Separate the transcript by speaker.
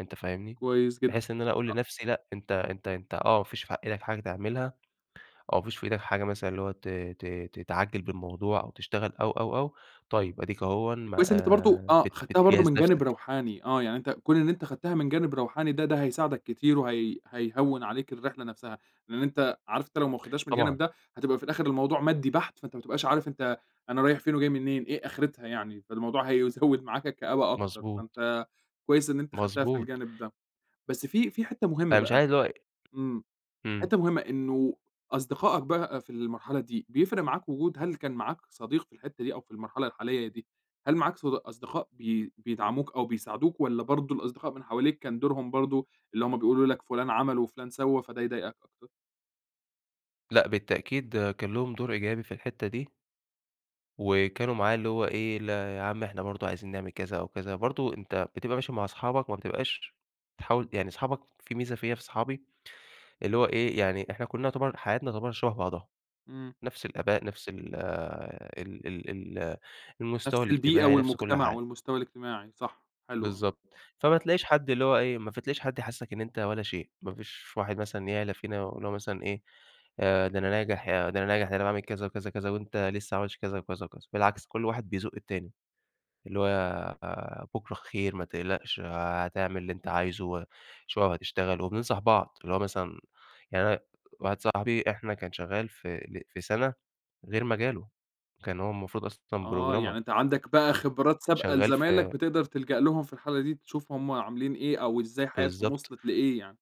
Speaker 1: أنت فاهمني،
Speaker 2: كويس جدًا
Speaker 1: بحيث إن أنا أقول
Speaker 2: أ
Speaker 1: لنَفْسي لأ أنت أنت أنت آه ما فيش في إيدك حاجة تعملها، أو فيش في إيدك حاجة مثلًا اللي هو ت ت تتعجّل بالموضوع أو تشتغل أو، أو، أو، طيب أديك أهوًا م
Speaker 2: كويس إن أنت برضو آه
Speaker 1: بت
Speaker 2: خدتها برضو
Speaker 1: بتجهز
Speaker 2: من جانب
Speaker 1: نَفْسَك.
Speaker 2: روحاني آه، يعني أنت كون إن أنت خدتها من جانب روحاني ده ده هيساعدَك كتير وهي هييهوّن عليك الرحلة نَفْسها، لأن أنت عارف أنت لو ما واخدهاش من الجانب
Speaker 1: طبعًا.
Speaker 2: ده هتبقى في الآخر الموضوع مادي بَحت، فأنت ما تبقاش عارف أنت أنا رايح فين وجاي منين إيه آخرتها يعني، فالموضوع هيزوّد معاك الكآبة أكتر،
Speaker 1: مضبوط.
Speaker 2: فأنت كويس إن أنت خدتها في
Speaker 1: مضبوط.
Speaker 2: الجانب ده، بس في في حتّة مُهمَّة
Speaker 1: أنا مش
Speaker 2: بقى،
Speaker 1: عايز اللي هو
Speaker 2: إمم،
Speaker 1: إمم.
Speaker 2: حتّة مُهمَّة إنُّه أصدقاءك بقى في المرحلة دي بيفرق معاك وجود هل كان معاك صديق في الحتّة دي أو في المرحلة الحالية دي، هل معاك صد أصدقاء بي بيدعموك أو بيساعدوك، والّا برضو الأصدقاء من حواليك كان دورهم برضو اللي هُم بيقولوا لك فُلان عَمل وفُلان سوا فده يضايقك [unintelligible]
Speaker 1: لأ بالتأكيد كان لهم دور إيجابي في الحتّة دي وكانوا معاه اللي هو إيه يا لا عم إحنا برضو عايزين نعمل كذا أو كذا، برضو أنت بتبقى ماشي مع صحابك، ما بتبقاش تحاول يعني صحابك في ميزة فيّا في صحابي اللي هو إيه، يعني إحنا كلّنا يُعتبر حياتنا تُعتبر شبه بعضها،
Speaker 2: إمم.
Speaker 1: نَفْس الآباء، نَفْس ال ال ال ال المستوى
Speaker 2: نَفْس البيئة
Speaker 1: الاجتماعي، نَفْس كُلّ
Speaker 2: والمُجتمَع
Speaker 1: حاجة
Speaker 2: والمستوى الاجتماعي، صح، حلو آه.
Speaker 1: بالضبط، فما تلاقيش حد اللي هو إيه، ما ف تلاقيش حد يحسسك إن أنت ولا شيء، ما فيش واحد مثلًا يعلى فينا اللي هو مثلًا إيه آآ، ده أنا ناجح ي ده أنا ناجح ده أنا باعمل كذا وكذا وكذا وأنت لسه ما عملتش كذا وكذا وكذا، بالعكس كُلّ واحد بيزق التاني اللي هو بُكرة خير ما تقلقش، آآ، هتعمل اللي أنت عايزه وشوية وهتشتغل، وبننصح بعض، اللي هو مثلًا يعني أنا واحد صاحبي إحنا كان شغال في ل في سَنَة غير مجاله، كان هو المفروض أصلًا
Speaker 2: آه، يعني
Speaker 1: programmer.
Speaker 2: أنت عندك بقى خِبرات سابقة
Speaker 1: شغال في
Speaker 2: لزمايلك بتقدر تلجأ لهم في الحالة دي تشوف هُم عاملين إيه أو إزاي حياتهم
Speaker 1: بالضبط.
Speaker 2: وصلت لإيه يعني.